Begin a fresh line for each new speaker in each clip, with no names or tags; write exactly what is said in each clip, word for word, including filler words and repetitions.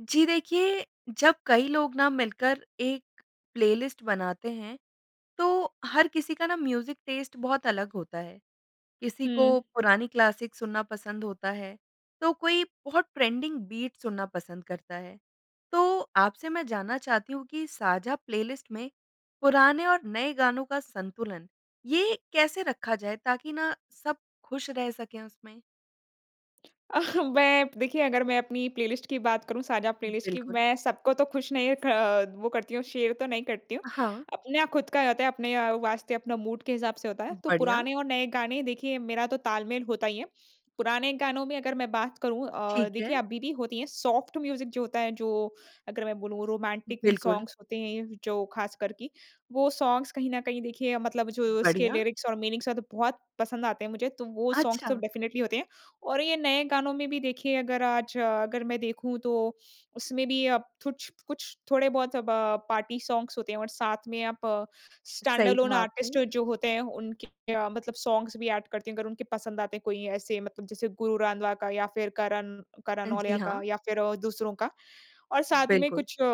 जी। देखिए जब कई लोग ना मिलकर एक प्लेलिस्ट बनाते हैं तो हर किसी का ना म्यूज़िक टेस्ट बहुत अलग होता है किसी
हुँ।
को पुरानी क्लासिक सुनना पसंद होता है तो कोई बहुत ट्रेंडिंग बीट सुनना पसंद करता है। तो आपसे मैं जानना चाहती हूँ कि साझा प्लेलिस्ट में पुराने और नए गानों का संतुलन ये कैसे रखा जाए ताकि ना सब खुश रह सके उसमें?
अह बै देखिए अगर मैं अपनी प्लेलिस्ट की बात करूँ साझा प्लेलिस्ट की
बिल्कुल।
मैं सबको तो खुश नहीं खा वो करती हूँ शेयर तो नहीं करती हूँ।
अ हाँ।
आपना खुद का जाता है अपने अ, वास्ते अपना मूड के हिसाब से होता है। तो
बढ़िया।
पुराने और नए गाने देखिए मेरा तो ताल-मेल होता ही है पुराने गानों में अगर मैं बात करूँ अ,
ठीक
देखिए
है।
आप बीदी होती हैं सॉफ्ट म्यूज़िक जो होता है जो अगर मैं बोलूँ रोमांटिक
बिल्कुल।
सॉन्ग्स होते हैं जो ख़ासकर कि वो सॉन्ग्स कहीं ना कहीं देखिए मतलब जो उसके
बढ़िया।
लिरिक्स और मीनिंग्स हैं तो बहुत पसंद आते हैं मुझे तो वो सॉन्ग्स तो
अच्छा।
डेफ़िनेटली होते हैं और ये नए गानों में भी देखिए अगर आज अगर मैं देखूँ तो उसमें भी अब थुछ-कुछ थोड़े बहुत अब पार्टी सॉन्ग्स होते हैं और साथ में आप स्टैंड
सही
अलोन
कहा
आर्टिस्ट
आपने।
जो होते हैं उनके मतलब सॉन्ग्स भी ऐड करते हैं अगर उनके पसंद आते हैं कोई ऐसे मतलब जैसे गुरु रंधावा का या फिर करण करण
अ जी।
नौल्या का
हाँ।
या फिर दूसरों का और साथ में
बिल्कुल।
कुछ अ,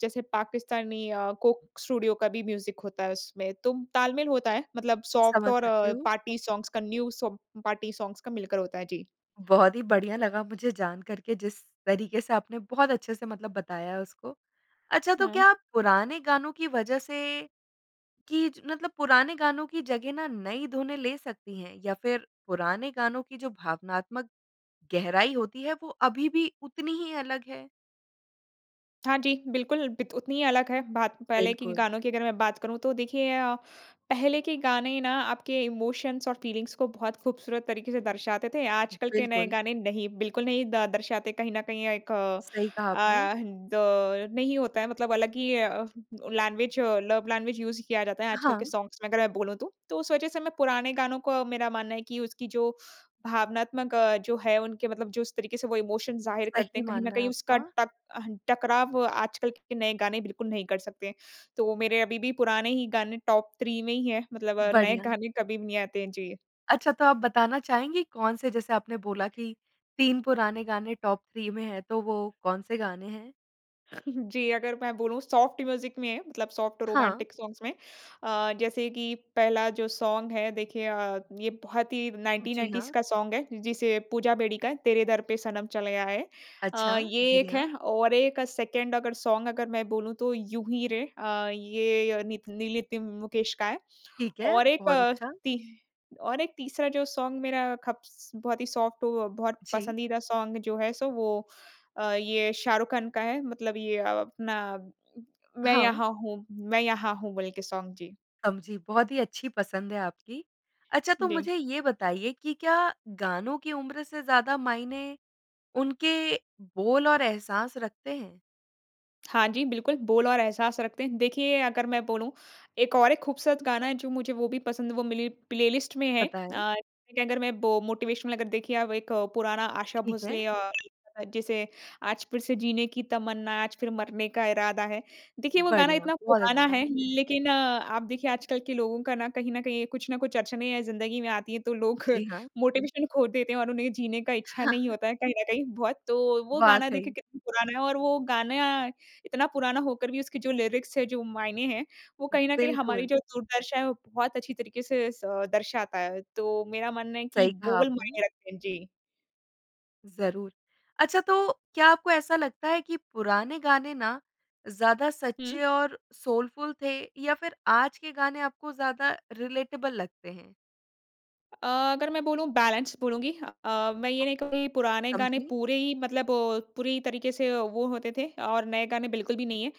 जैसे पाकिस्तानी अ, कोक स्टूडियो का भी म्यूज़िक होता है उसमें। तो ताल-मेल होता है मतलब सॉफ्ट
समझ
और
सकती हूँ।
पार्टी सॉन्ग्स का, न्यू सब पार्टी सॉन्ग्स का मिलकर होता है। जी।
बहुत ही बढ़िया लगा मुझे जानकर के जिस तरीके से आपने बहुत अच्छे से मतलब बताया उसको। अच्छा तो
हुँ।
क्या पुराने गानों की वज़ह से कि मतलब पुराने गानों की जगह ना नई धुनें ले सकती हैं? या फिर पुराने गानों की जो भावनात्मक गहराई होती है वो अभी भी उतनी ही अलग है?
हाँ जी, बिल्कुल बित उतनी ही अलग है बात। पहले की की
बिल्कुल।
गानों की अगर मैं बात करूँ तो देखिए अ, पहले के गाने ना आप के इमोशन्स और फीलिंग्स को बहुत ख़ूबसूरत तरीके से दर्शाते थे। आज कल के नए
बिल्कुल।
गाने नहीं, बिल्कुल नहीं द दर्शाते कहीं ना कहीं अ, एक अ,
सही कहा आपने।
दौर नहीं होता है मतलब अलग ही अ, लैंग्वेज अ, लव लैंग्वेज यूज़ किया जाता है आजकल के
हाँ।
सॉन्ग्स में, अगर मैं बोलूँ तो। तो उस वजह से मैं पुराने गानों को मेरा मानना है कि उसकी जो भावनात्मक अ, जो है उनके मतलब जो इस तरीके से वो इमोशन ज़ाहिर करते
सही
हैं, कहीं न
मानना है
कहीं उसका
आपका।
टक अहन टकराव आजकल के नए गाने बिल्कुल नहीं कर सकते। तो मेरे अभी भी पुराने ही गाने टॉप थ्री में ही हैं। मतलब नए
बढ़िया।
गाने कभी भी नहीं आते हैं। जी।
अच्छा, तो आप बताना चाहेंगे कौन-से जैसे आपने बोला कि तीन पुराने गाने टॉप थ्री में हैं, तो वो कौन-से गाने हैं?
जी, अगर मैं बोलूँ सॉफ़्ट म्यूज़िक में मतलब सॉफ़्ट
हाँ।
रोमांटिक सॉन्ग्स में अ, जैसे कि पहला जो सॉन्ग है देखिए अ, ये बहुत ही नाइन्टीन
जी,
नाइन्टीज़
हाँ।
का सॉन्ग है जिसे पूजा बेदी का है, तेरे दर पे सनम चले आए।
अच्छा,
अ, ये एक
बढ़िया।
है और एक सेकंड अगर सॉन्ग अगर मैं बोलूँ तो, यूँ ही रे। अ, ये य नित नील नितिन मुकेश का है।
ठीक है,
और एक
बहुत
अ
अच्छा।
तिह और एक तीसरा जो सॉन्ग मेरा खप्स बहुत ही सॉफ़्ट हो अ, बहुत
जी।
पसंदीदा सॉन्ग जो है सो वो अ, ये शाहरुख खान का है मतलब ये अ, अपना मैं
हाँ।
यहाँ हूँ मैं यहाँ हूँ, बोल के सॉन्ग। जी।
समझी, बहुत ही अच्छी पसंद है आपकी। अच्छा, तो
जी।
मुझे ये बताइए कि क्या गानों की उम्र से ज़्यादा मायने उनके बोल और एहसास रखते हैं?
हाँ, जी। बिल्कुल बोल और एहसास रखते हैं। देखिए अगर मैं बोलूँ एक और एक खूबसूरत गाना है जो मुझे वो भी पसंद वो मिली प्लेलिस्ट में है।
पता है।
अ, लेकिन अगर मैं बो मोटिवेशनल अगर देखिए आप एक पुराना आशा
ठीक है।
भोसले अ "जिसे आज फिर से जीने की तमन्ना है आज फिर मरने का इरादा है।" देखिए वो गाना
बढ़िया
इतना
बहुत
पुराना है
अच्छा।
लेकिन आप देखिए आजकल के लोगों का न कहीं न कहीं कुछ ना कुछ अड़चनें या ज़िंदगी में आती हैं तो लोग
जी, हाँ।
मोटिवेशन खो देते हैं और उन्हें जीने का इच्छा नहीं
हाँ।
होता है कहीं ना कहीं बहुत। तो वो गाना देखिए
वाक़ई।
कितना पुराना है और वो गाना इतना पुराना होकर भी उसकी जो लीरिक्स है जो मायने हैं वो
उ,
कहीं ना कहीं हमारी
बिल्कुल।
जो दुर्दशा है वो बहुत अच्छी तरीके से स दर्शाता है। तो मेरा मानना है कि
सही कहा
बोल
आपने।
मायने रखते हैं। जी।
ज़रूर। अच्छा तो क्या आपको ऐसा लगता है कि पुराने गाने ना ज़्यादा
हुँ।
सच्चे और सोलफ़ुल थे या फिर आज के गाने आपको ज़्यादा रिलेटेबल लगते हैं?
अ, अगर मैं बोलूँ बैलेंस बोलूँगी। अ, मैं ये
[unintelligible]
नहीं कहूँगी पुराने गाने
समझी।
पूरे ही मतलब पूरी तरीके से वो होते थे और नए गाने बिल्कुल भी नहीं हैं।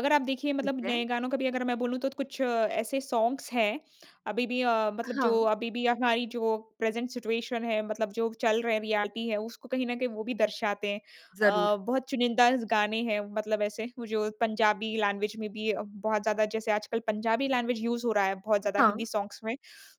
अगर आप देखिए
ठीक
मतलब नए
है।
गानों का भी अगर मैं बोलूँ तो कुछ ऐसे सॉन्ग्स हैं अभी भी अ, मतलब जो
हाँ।
अभी भी हमारी जो प्रेज़ेन्ट सिचुएशन है मतलब जो चल रहे हैं रियलिटी है उसको कहीं ना कहीं वो भी दर्शाते हैं।
ज़रूर।
अ, बहुत चुनिंदाज गाने हैं मतलब ऐसे वो जो पंजाबी लैंग्वेज में भी अ, बहुत ज़्यादा जैसे आजकल पंजाबी लैंग्वेज यूज़ हो रहा है बहुत ज़्यादा
हाँ।
हिन्दी सॉन्ग्स में।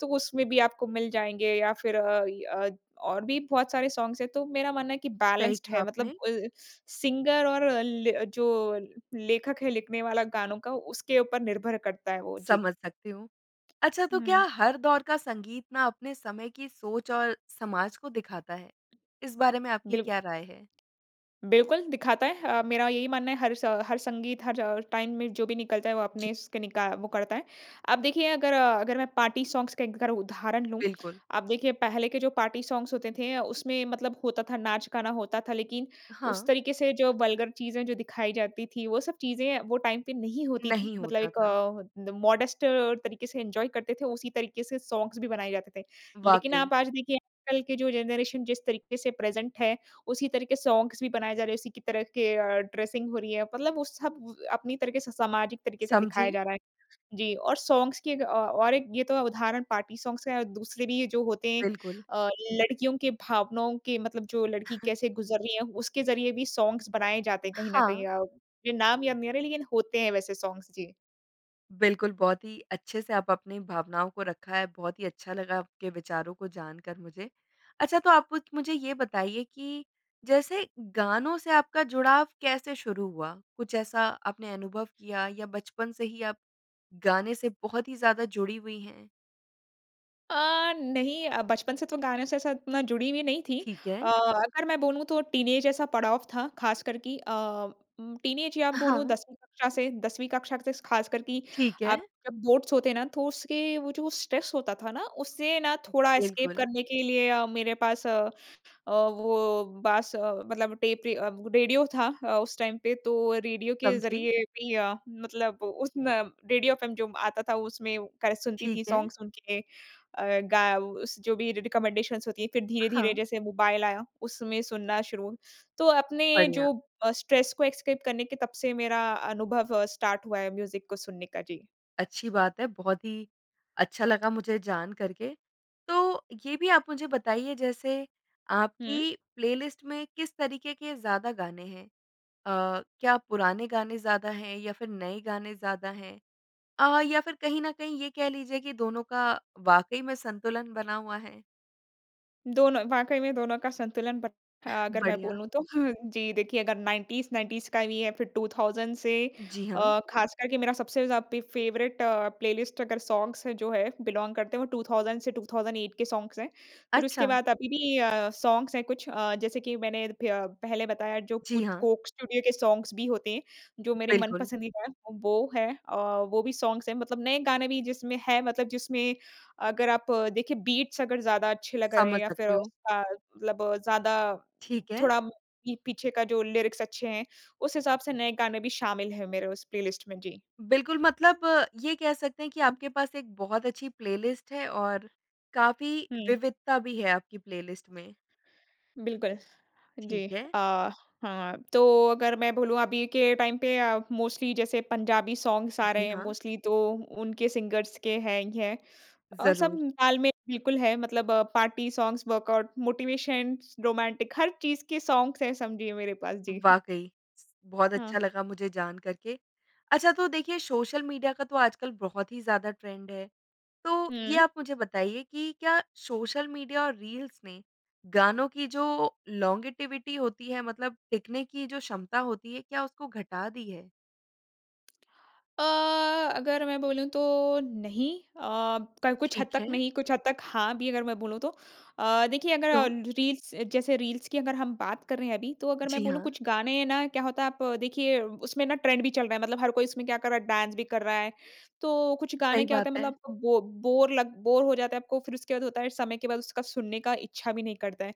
तो उसमें भी आपको मिल जाएँगे या फिर अ, इ अ, और भी बहुत सारे सॉन्ग्स हैं। तो मेरा मानना है कि
सही
बैलेन्स्ड
कहा
है मतलब
आपने।
अ, सिंगर और ले अ, जो लेखक है लिखने वाला गानों का उसके ऊपर निर्भर करता है वो। जी।
समझ सकती हूँ। अच्छा तो
हुँ।
क्या हर दौर का संगीत ना अपने समय की सोच और समाज को दिखाता है? इस बारे में आपकी
बिल
क्या राय है?
बिल्कुल दिखाता है अ, मेरा यही मानना है हर स हर संगीत हर टाइम में जो भी निकलता है वो
जी।
अपने इसके निका वो करता है। अब देखिए अगर अगर मैं पार्टी सॉन्ग्स के एक अगर उदाहरण लूँ।
बिल्कुल।
आप देखिए पहले के जो पार्टी सॉन्ग्स होते थे अ, उसमें मतलब होता था नाच-गाना होता था लेकिन उस
हाँ।
तरीके से जो वल्गर चीज़ें जो दिखाई जाती थी वो सब चीज़ें वो टाइम पे नहीं होती थी।
नहीं
मतलब
होता
एक
था।
द मॉडेस्ट तरीके से इन्जॉय करते थे उसी तरीके से सॉन्ग्स भी बनाए जाते थे। लेकिन
वाक़ई।
आप आज देखिए कल के जो जनरेशन जिस तरीके से प्रेज़ेन्ट है उसी तरीके सॉन्ग्स भी बनाए जा रहे हैं उसी की तरह के अ, ड्रेसिंग हो रही है। मतलब वो सब अपनी तरीके से सामाजिक तरीके से दिखाया
समझी।
जा रहा है। जी और सॉन्ग्स की एक अ, और एक ये तो है उदाहरण पार्टी सॉन्ग्स का है और दूसरे भी ये जो होते हैं,
बिल्कुल।
अ, लड़कियों के भावनाओं के मतलब जो लड़की कैसे गुज़र रही है, उसके ज़रिए भी सॉन्ग्स बनाए जाते हैं कहीं ना कहीं।
हाँ।
अ, मुझे नाम याद नहीं आ रहे लेकिन होते हैं वैसे सॉन्ग्स। जी।
बिल्कुल बहुत ही अच्छे से आप अपनी भावनाओं को रखा है। बहुत ही अच्छा लगा आपके विचारों को जानकर मुझे। अच्छा तो आप उत मुझे ये बताइए कि जैसे गानों से आपका जुड़ाव कैसे शुरू हुआ? कुछ ऐसा आपने अनुभव किया या बचपन से ही आप गाने से बहुत ही ज़्यादा जुड़ी हुई हैं?
अ, नहीं अ, बचपन से तो गानों से ऐसा उतना जुड़ी हुई नहीं थी।
ठीक
अ,
है।
अगर मैं बोलूँ तो टीनएज ऐसा पड़ाव था ख़ासकर कि अ, उम, टीनएज या बोलूँ
हाँ।
दसवीं कक्षा से। दसवीं कक्षा से ख़ासकर कि
ठीक
आप
है।
जब बोर्ड्स होते हैं ना तो उसके वो जो स्ट्रेस होता था ना उससे ना थोड़ा एस्केप
बिल्कुल।
करने के लिए अ, मेरे पास अ अ, वो बाँस अ, मतलब टेप रि अ, रेडियो था अ, उस टाइम पे। तो रेडियो के
समझी।
ज़रिए भी अ, मतलब उस न रेडियो एफएम जो आता था उसमें का सुनती
ठीक
थी
है।
सॉन्ग्स उनके अ, गा उस जो भी रिकमेंडेशन्स होती हैं। फिर धीरे-धीरे
हाँ।
जैसे मोबाइल आया उसमें सुनना शुरू। तो अपने
बढ़िया।
जो अ, स्ट्रेस को एस्केप करने के तब से मेरा अनुभव अ, स्टार्ट हुआ है म्यूज़िक को सुनने का। जी।
अच्छी बात है बहुत ही अच्छा लगा मुझे जानकर के। तो ये भी आप मुझे बताइए जैसे
हुँ।
आपकी प्लेलिस्ट में किस तरीके के ज़्यादा गाने हैं? अ, क्या पुराने गाने ज़्यादा हैं या फिर नए गाने ज़्यादा हैं? अ, या फिर कहीं ना कहीं ये कह लीजिए कि दोनों का वाक़ई में संतुलन बना हुआ है?
दोनों, वाक़ई में दोनों का संतुलन बट अ, अगर मैं
बढ़िया।
बोलूँ तो जी देखिए, अगर नाइंटीज़ नाइंटीज़ का भी है, फिर टू थाउज़ंड से
जी, हाँ।
अ, ख़ासकर के मेरा सबसे ज़ा पे फ़ेवरेट प्लेलिस्ट अगर सॉन्ग्स जो हैं बिलोंग करते हैं, वो टू थाउज़ंड से टू थाउज़ंड ऐट के सॉन्ग्स हैं। फिर उसके
अच्छा!
बाद अभी भी अ, सॉन्ग्स हैं कुछ अ, जैसे कि मैंने फ्य पहले बताया जो
जी,
कुछ
हाँ।
कोक स्टूडियो के सॉन्ग्स भी होते हैं, जो मेरे
बिल्कुल।
मनपसंदीदा हैं, वो हैं अ, वो भी सॉन्ग्स हैं। मतलब नए गाने भी जिसमें हैं मतलब जिसमें अगर आप देखें बीट्स अगर ज़्यादा अच्छे लगा रहे हैं
समझ
या फिर
सकती हूँ।
उसका मतलब ज़्यादा
ठीक है।
थोड़ा पी पीछे का जो लिरिक्स अच्छे हैं, उस हिसाब से नए गाने भी शामिल हैं मेरे उस प्लेलिस्ट में। जी।
बिल्कुल, मतलब ये कह सकते हैं कि आपके पास एक बहुत अच्छी प्लेलिस्ट है और काफ़ी
हुँ।
विविधता भी है आपकी प्लेलिस्ट में।
बिल्कुल, जी।
ठीक है।
अ, हाँ, तो अगर मैं बोलूँ अभी के टाइम पे अ, मोस्टली जैसे पंजाबी सॉन्ग्स आ रहे
जी,
हैं
हाँ।
मोस्टली तो उनके सिंगर्स के हैं ही हैं। अ, सब
ज़रूर।
तालमेल बिल्कुल है मतलब party songs, workout, motivations, romantic, हर चीज़ के सॉन्ग्स हैं समझिए मेरे पास। जी।
वाक़ई। बहुत अच्छा
हाँ।
लगा मुझे जानकर के। अच्छा, तो देखिए सोशल मीडिया का तो आजकल बहुत ही ज़्यादा ट्रेंड है, तो ये
हुँ।
आप मुझे बताइए कि क्या सोशल मीडिया और रील्स ने गानों की जो लोंगेटिविटी होती है मतलब देखने की ये जो क्षमता होती है, क्या उसको घटा दी है?
अ, अगर मैं बोलूँ तो नहीं अ, कल कुछ हद
ठीक
तक
है।
नहीं कुछ हद तक हाँ भी अगर मैं बोलूँ तो। अ, देखिए अगर
तो?
रील्स जैसे रील्स की अगर हम बात कर रहे हैं अभी तो अगर मैं
जी
बोलूँ
हाँ।
कुछ गाने ना क्या होता है आप देखिए उसमें ना ट्रेंड भी चल रहा है मतलब हर कोई इसमें क्या कर रहा है डांस भी कर रहा है। तो कुछ गाने
सही
क्या
बात
होता है
है।
मतलब बो बोर लग बोर हो जाता है आपको फ़िर उसके बाद होता है इस समय के बाद उसका सुनने का इच्छा भी नहीं करता है।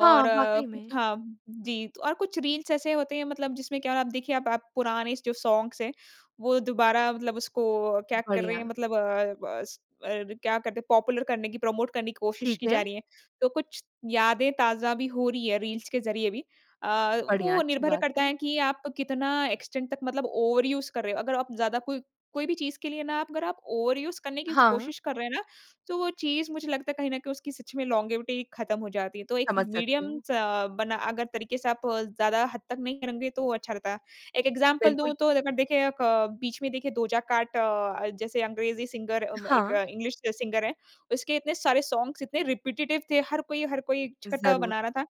हाँ,
और
वाक़ई में।
हाँ जी और कुछ रील्स ऐसे होते हैं मतलब जिसमें क्या आप देखिए आप आप पुराने जो सॉन्ग्स हैं वो दोबारा मतलब उसको क्या कर रहे हैं
बढ़िया।
मतलब अ अ, स क्या करते हैं पॉपुलर करने की प्रमोट करने की कोशिश की
ठीक
जा
है।
रही है। तो कुछ यादें ताज़ा भी हो रही है रील्स के ज़रिये भी। अ,
बढ़िया
वो
अच्छी
निर्भर
बात
करता
है।
है कि आप कितना एक्सटेंट तक मतलब ओवरयूज़ कर रहे हो अगर आप ज़्यादा कोई कोई भी चीज़ के लिए ना आप अगर आप ओवरयूज़ करने की
हाँ।
कोशिश कर रहे हैं ना। तो वो चीज़ मुझे लगता है कहीं ना कहीं उसकी सच में लॉन्गेविटी खत्म हो जाती है। तो एक
समझ सकती हूँ।
मीडियमस अ, बना अगर तरीके से आप ज़्यादा हद तक नहीं करोगे तो वो अच्छा रहता। एक एग्ज़ाम्पल दूँ
बिल्कुल।
तो अगर देखें बीच में देखिए डोजा कैट अ, जैसे अंग्रेज़ी सिंगर एक
हाँ।
इंग्लिश सिंगर है, उसके इतने सारे सॉन्ग्स इतने रिपेटिटिव थे। हर कोई, हर कोई एक छठा
ज़रूर।
बना रहा था।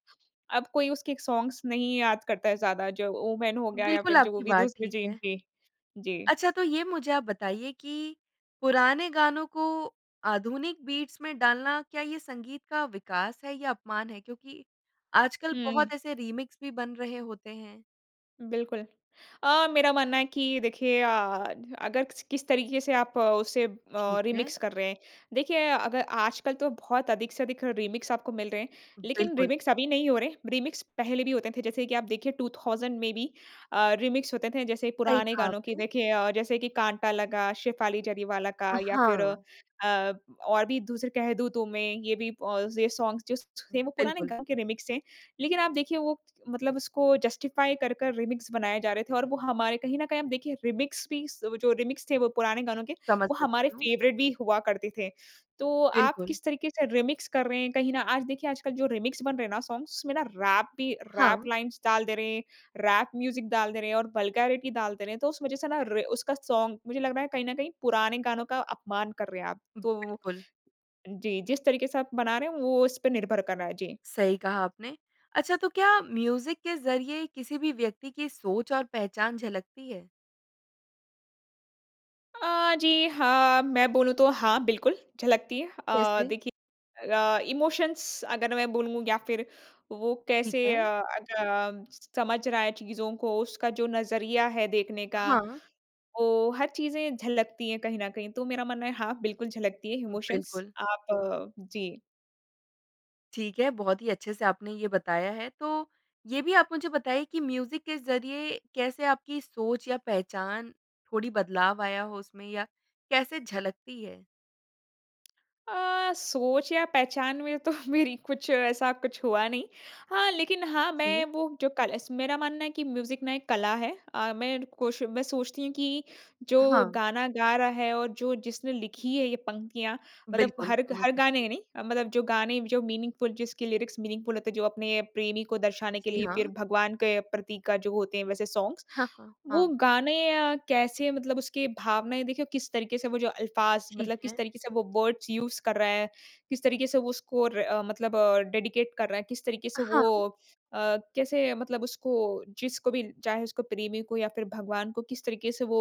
अब कोई उसके सॉन्ग्स नहीं याद करता है ज़्यादा जो ओमान हो गया या
बिल्कुल
फ़िर जो वो
आपकी
भी
बात
दूसरी
ठीक
चीज़
है।
थी। जी।
अच्छा तो ये मुझे आप बताइए कि पुराने गानों को आधुनिक बीट्स में डालना, क्या ये संगीत का विकास है या अपमान है क्योंकि आजकल बहुत
हुँ।
ऐसे रीमिक्स भी बन रहे होते हैं?
बिल्कुल, अ, मेरा मानना है कि देखिए अ, अगर किस तरीके से आप उसे अ,
ठीक है।
रीमिक्स कर रहे हैं। देखिए अगर आजकल तो बहुत अधिक से अधिक रीमिक्स आपको मिल रहे हैं लेकिन
बिल्कुल।
रीमिक्स अभी नहीं हो रहे हैं। रीमिक्स पहले भी होते थे जैसे कि आप देखिए टू थाउजेंड में भी अ, रीमिक्स होते थे जैसे
सही
पुराने
कहा
गानों की
आपने।
देखिए अ जैसे कि काँटा लगा, शेफाली जरीवाला
अ,
का या फ़िर अ
हाँ।
अ, और भी दूसरे कह दूँ तुम्हें ये भी ऑल ये सॉन्ग्स जो थे वो पुराने
बिल्कुल।
गाने के रीमिक्स हैं। लेकिन आप देखिए वो मतलब उसको जस्टिफ़ाई कर, कर रीमिक्स बनाया जा रहे थे और वो हमारे कहीं ना कहीं हम देखिए रीमिक्स भी जो रीमिक्स थे। वो पुराने गानों के
समझ
वो हमारे
सकती हूँ।
फ़ेवरेट भी हुआ करते थे। तो आप
बिल्कुल।
किस तरीके से रीमिक्स कर रहे हैं कहीं ना आज देखिए आजकल जो रीमिक्स बन रहे हैं ना सॉन्ग्स उसमें ना रैप भी, रैप
हाँ।
लाइन्स डाल दे रहे हैं, रैप म्यूज़िक डाल दे रहे हैं और वल्गैरिटी डाल दे रहे हैं। तो उस वज़ह से ना र उसका सॉन्ग मुझे लग रहा है कहीं ना कहीं पुराने गानों का अपमान कर रहे हैं आप। तो
बिल्कुल।
जी जिस तरीके से आप बना रहे हैं वो इस पर निर्भर कर रहा है। जी।
सही कहा आपने, अच्छा तो क्या म्यूज़िक के ज़रिये किसी भी व्यक्ति की सोच और पहचान झलकती है?
अ, जी, हाँ, मैं बोलूँ तो हाँ, बिल्कुल, झलकती है। अ,
कैसे?
देखिए अ, इमोशंस अगर मैं बोलूँ या फ़िर वो
ठीक
कैसे
है।
अ, अग अ, समझ रहा है चीज़ों को, उसका जो नज़रिया है देखने का,
हाँ।
वो हर चीज़ें झलकती है कहीं न कहीं। तो मेरा मानना है, हाँ, बिल्कुल झलकती है इमोशंस।
बिल्कुल।
आप जी।
ठीक है, बहुत ही अच्छे से आपने ये बताया है। तो, ये भी आप मुझे बताएँ कि म्यूज़िक के ज़रिए कैसे आपकी सोच या पहचान, थोड़ी बदलाव आया हो उसमें या कैसे झलकती है?
अ, सोच या पहचान में तो मेरी कुछ ऐसा कुछ हुआ नहीं। हाँ, लेकिन हाँ, मैं
जी।
वो जो कल स मेरा मानना है कि म्यूज़िक ना एक कला है। अ, मैं ण कोश मैं सोचती हूँ कि जो
हाँ।
गाना गा रहा है और जो जिसने लिखी है ये पंक्तियाँ मतलब
बिल्कुल,
हर ग
समझ
हर
सकती
गाने
हूँ।
नहीं अ, मतलब जो गाने जो मीनिंगफुल जिसकी लिरिक्स मीनिंगफुल होते हैं, जो अपने प्रेमी को दर्शाने के
जी,
लिए, फिर
हाँ।
भगवान के प्रतीक का जो होते हैं, वैसे सॉन्ग्स।
हाँ, हाँ,
वो
हाँ।
गाने अ, कैसे मतलब उसके भावनाएँ देखिए किस तरीके से वो जो अल्फाज़
ठीक
मतलब
है।
किस तरीके से वो वर्ड्स यूज़ कर रहा है, किस तरीके से वो स्कोर अ, मतलब अ, डेडिकेट कर रहा है, किस तरीके
अ,
से
हाँ।
वो अ, कैसे मतलब उसको जिसको भी चाहे उसको, प्रेमी को या फिर भगवान को किस तरीके से वो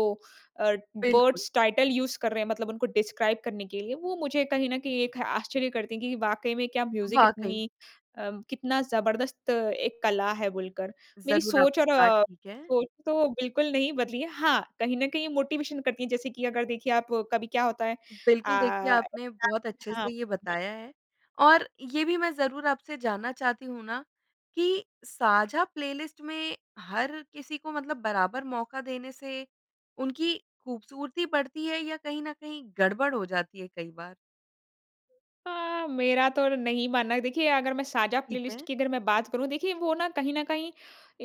अ,
बिल्कुल।
वर्ड्स टाइटल यूज़ कर रहे हैं मतलब उनको डिस्क्राइब करने के लिए, वो मुझे कहीं न कहीं एक आश्चर्य करती है कि वाक़ई में क्या म्यूज़िक
वाक़ई।
इतनी अ, कितना ज़बरदस्त एक कला है बोलकर। मेरी
ज़रूर, आप
सोच और
की बात
अ,
ठीक है।
सोच तो बिल्कुल नहीं बदली है। हाँ, कहीं न कहीं मोटिवेशन करती है जैसे कि अगर देखिए आप, कभी क्या होता है अ,
बिल्कुल, देखिए आपने बहुत अच्छे
हाँ,
से ये
जी।
बताया है। और ये भी मैं ज़रूर आपसे जानना चाहती हूँ ना कि साझा प्लेलिस्ट में हर किसी को मतलब बराबर मौका देने से उनकी ख़ूबसूरती बढ़ती है या कहीं न कहीं गड़बड़ हो जाती है कई बार?
अ, मेरा तो नहीं मानना है। देखिए, अगर मैं साझा
ठीक
प्लेलिस्ट
है।
की अगर मैं बात करूँ, देखिए, वो ना कहीं ना कहीं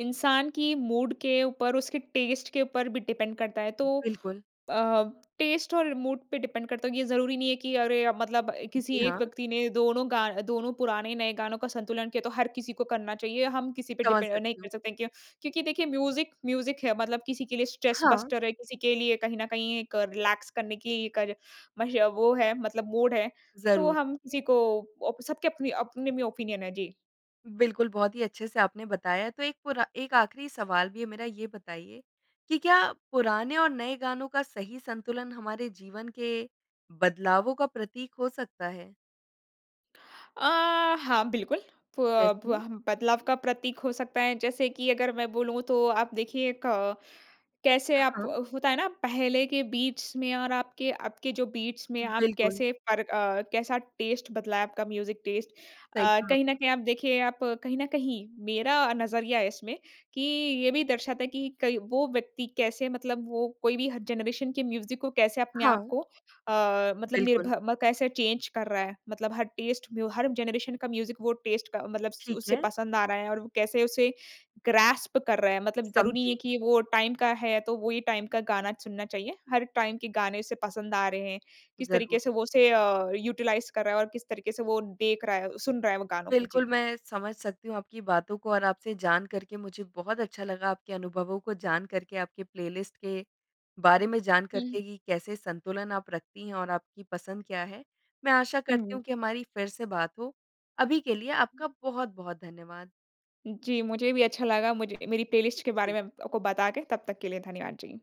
इंसान की मूड के ऊपर, उसके टेस्ट के ऊपर भी डिपेंड करता है तो
बिल्कुल।
अ, टेस्ट और मूड पे डिपेंड करता है कि ये ज़रूरी नहीं है कि अरे, अब मतलब अ, किसी
जी,
एक
हाँ।
व्यक्ति ने दोनों गा दोनों पुराने, नए गानों का संतुलन किया, तो हर किसी को करना चाहिए। हम किसी पे
समझ
डिपेंड अ, नहीं
सकती
कर
हूँ।
सकते हैं क्य क्योंकि देखिए म्यूज़िक, म्यूज़िक है मतलब किसी के लिए स्ट्रेस
हाँ।
बस्टर है, किसी के लिए कहीं ना कहीं एक रिलैक्स करने की कर मश वो है मतलब मूड है। तो
ज़रूर।
हम किसी को ओप सबके अपने-अपने में ओपिनियन हैं। जी।
बिल्कुल, बहुत ही अच्छे से आपने बताया। तो एक पूरा एक आखिरी सवाल भी है मेरा। ये बताइए कि क्या पुराने और नए गानों का सही संतुलन हमारे जीवन के बदलावों का प्रतीक हो सकता है?
अ, हाँ बिल्कुल। प
प्रेस में।
बह बदलाव का प्रतीक हो सकता है जैसे कि अगर मैं बोलूँ, तो आप देखिए एक अ, कैसे
अ,
आप
हाँ।
अ, होता है ना, पहले के बीट्स में और आपके अब के जो बीट्स में आप
बिल्कुल।
कैसे फ़र्क अ, कैसा टेस्ट बदला है आपका म्यूज़िक टेस्ट।
सही
अ,
कहा आपने।
कहीं ना कहीं आप देखिए आप कहीं ना कहीं, मेरा अ, नज़रिया है इसमें कि ये भी दर्शाता है कि कई वो व्यक्ति कैसे मतलब वो कोई भी हर जनरेशन के म्यूज़िक को कैसे अपने
हाँ।
आपको अ, मतलब
बिल्कुल।
निर्भर म कैसे चेंज कर रहा है, मतलब हर टेस्ट में वो हर जनरेशन का म्यूज़िक वो टेस्ट का मतलब स
ठीक
उसे
है।
पसंद आ रहा है और वो कैसे उसे ग्रैस्प कर रहा है। मतलब ज़रूरी नहीं है
समझी।
कि वो टाइम का है, तो वो ही टाइम का गाना चुनना चाहिए। हर टाइम के गाने उसे पसंद आ रहे हैं। किस
ज़रूर।
तरीके से वो उसे अ, यूटिलाइज़ कर रहा है और किस तरीके से वो देख रहा है, सुन रहा है वो गानों को।
बिल्कुल,
जी।
मैं समझ सकती हूँ आपकी बातों को और आपसे जान करके मुझे बहुत अच्छा लगा, आपके अनुभवों को जान करके, आपके प्लेलिस्ट के बारे में जान
हुँ।
करके कि कैसे संतुलन आप रखती हैं और आपकी पसंद क्या है। मैं आशा करती
हुँ।
हूँ कि हमारी फिर से बात हो। अभी के लिए आपका बहुत-बहुत धन्यवाद।
जी, मुझे भी अच्छा लगा मुझे मेरी प्लेलिस्ट के बारे
जी।
में आपको बताके। तब तक के लिए धन्यवाद। जी।